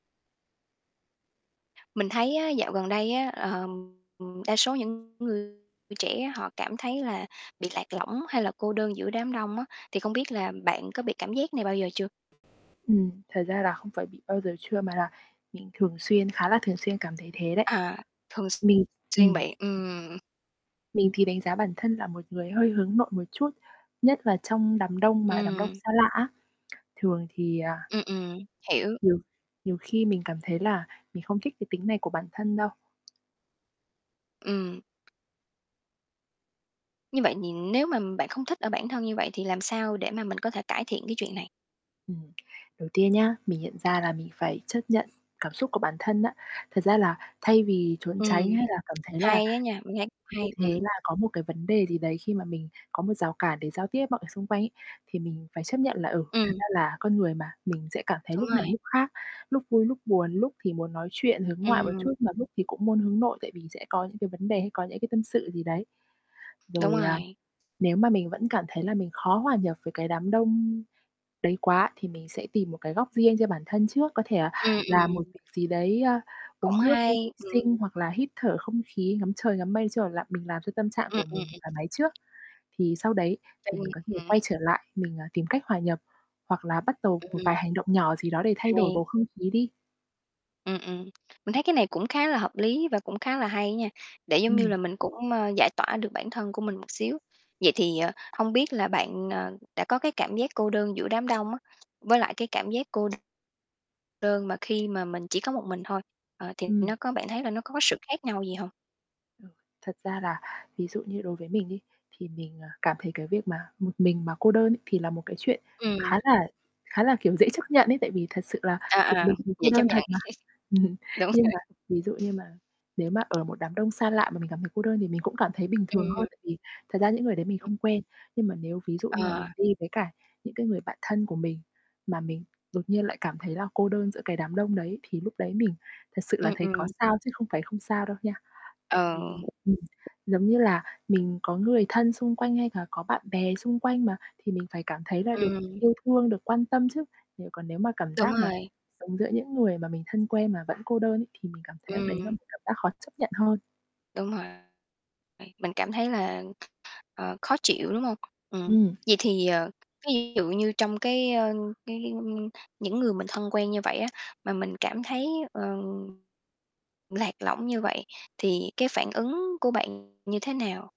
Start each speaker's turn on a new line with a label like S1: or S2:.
S1: Mình thấy á, dạo gần đây á, ờm, đa số những người trẻ họ cảm thấy là bị lạc lõng hay là cô đơn giữa đám đông á, thì không biết là bạn có bị cảm giác này bao giờ chưa?
S2: Ừm, thật ra là không phải bị bao giờ chưa mà là mình thường xuyên khá là thường xuyên cảm thấy thế đấy.
S1: À, thường x
S2: Mình
S1: xuyên
S2: ừm.
S1: bị, ừm.
S2: Mình thì đánh giá bản thân là một người hơi hướng nội một chút, nhất là trong đám đông mà đám đông
S1: Ừm.
S2: xa lạ á. Thường thì, à
S1: Ừm, ừm, hiểu.
S2: Nhiều nhiều khi mình cảm thấy là mình không thích cái tính này của bản thân đâu.
S1: Ừm. Như vậy thì nếu mà bạn không thích ở bản thân như vậy thì làm sao để mà mình có thể cải thiện cái chuyện này?
S2: Ừm. Đầu tiên nhá, mình nhận ra là mình phải chấp nhận cảm xúc của bản thân á. Thật ra là thay vì trốn
S1: Ừm,
S2: tránh hay là cảm thấy là
S1: hay á nha, mình thấy
S2: như
S1: hay, ừm.
S2: thế là có một cái vấn đề gì đấy khi mà mình có một rào cản để giao tiếp với mọi xung quanh ấy, thì mình phải chấp nhận là, ừ, thật
S1: Ừm.
S2: ra là con người mà, mình sẽ cảm thấy
S1: Đúng
S2: lúc này
S1: rồi.
S2: lúc khác, lúc vui lúc buồn, lúc thì muốn nói chuyện hướng ngoại một
S1: Ừm.
S2: chút, mà lúc thì cũng muốn hướng nội tại vì sẽ có những cái vấn đề, hay có những cái tâm sự gì đấy.
S1: Đúng
S2: Rồi, à,
S1: rồi.
S2: nếu mà mình vẫn cảm thấy là mình khó hòa nhập với cái đám đông đấy quá, thì mình sẽ tìm một cái góc riêng cho bản thân trước, có thể là
S1: Ừm, ừm,
S2: làm một
S1: ừm.
S2: việc gì đấy, a,
S1: Cũng
S2: uống nước,
S1: hay,
S2: đi vệ
S1: ừm.
S2: sinh hoặc là hít thở không khí, ngắm trời, ngắm mây, nói chung là, mình làm cho tâm trạng
S1: Ừm,
S2: của
S1: ừm,
S2: mình
S1: ừm.
S2: thoải mái trước. Thì sau đấy thì
S1: Ừm
S2: mình có thể
S1: hửm.
S2: quay trở lại mình, ờ, tìm cách hòa nhập hoặc là bắt đầu một
S1: Ừm.
S2: vài hành động nhỏ gì đó để thay đổi bầu
S1: Hay.
S2: không khí đi.
S1: Ừm, ừm, mình thấy cái này cũng khá là hợp lý và cũng khá là hay nha, để giống như
S2: Ừm.
S1: là mình cũng, ơ, giải tỏa được bản thân của mình một xíu. Vậy thì, ờ, hông biết là bạn, ờ, đã có cái cảm giác cô đơn giữa đám đông á, với lại cái cảm giác cô đơn mà khi mà mình chỉ có một mình thôi, ờ, thì
S2: Ừm.
S1: nó có bạn thấy là nó có sự khác nhau gì hông?
S2: Ờ, thật ra là ví dụ như đối với mình đi, thì mình, à, cảm thấy cái việc mà một mình mà cô đơn ấy thì là một cái chuyện
S1: Ừm.
S2: khá là khá là, kiểu, dễ chấp nhận ấy, tại vì thật sự là
S1: À,
S2: một
S1: à,
S2: mình thì cô
S1: vậy chấp
S2: đơn thật
S1: nhận.
S2: mà.
S1: Đúng
S2: Nhưng
S1: rồi.
S2: mà ví dụ như mà nếu mà ở một đám đông xa lạ, mà mình cảm thấy cô đơn thì mình cũng cảm thấy bình thường hơn,
S1: Ừm.
S2: tại vì thật ra những người đấy mình không quen. Nhưng mà nếu ví dụ như là
S1: Ờ.
S2: mình đi với cả những cái người bạn thân của mình, mà mình đột nhiên lại cảm thấy là cô đơn giữa cái đám đông đấy thì lúc đấy mình thật sự là
S1: Ừm,
S2: thấy có
S1: ừm.
S2: sao, chứ không phải không sao đâu nha. Tại vì,
S1: Ờ.
S2: ừm, giống như là mình có người thân xung quanh hay là có bạn bè xung quanh mà thì mình phải cảm thấy là được
S1: Ừm.
S2: yêu thương, được quan tâm chứ. Nếu còn nếu mà cảm
S1: Đúng
S2: giác mà
S1: rồi.
S2: sống giữa những người mà mình thân quen mà vẫn cô đơn ấy, thì mình cảm thấy đấy là
S1: Ừm.
S2: một cảm giác khó chấp nhận hơn.
S1: Đúng rồi, vậy bạn cảm thấy là, ờ, khó chịu, đúng hông? Ừm,
S2: Ừm.
S1: vậy thì, ờ, ví dụ như trong cái, ơ, cái cái những người mình thân quen như vậy á, mà mình cảm thấy, ờ lạc lõng như vậy, thì cái phản ứng của bạn như thế nào?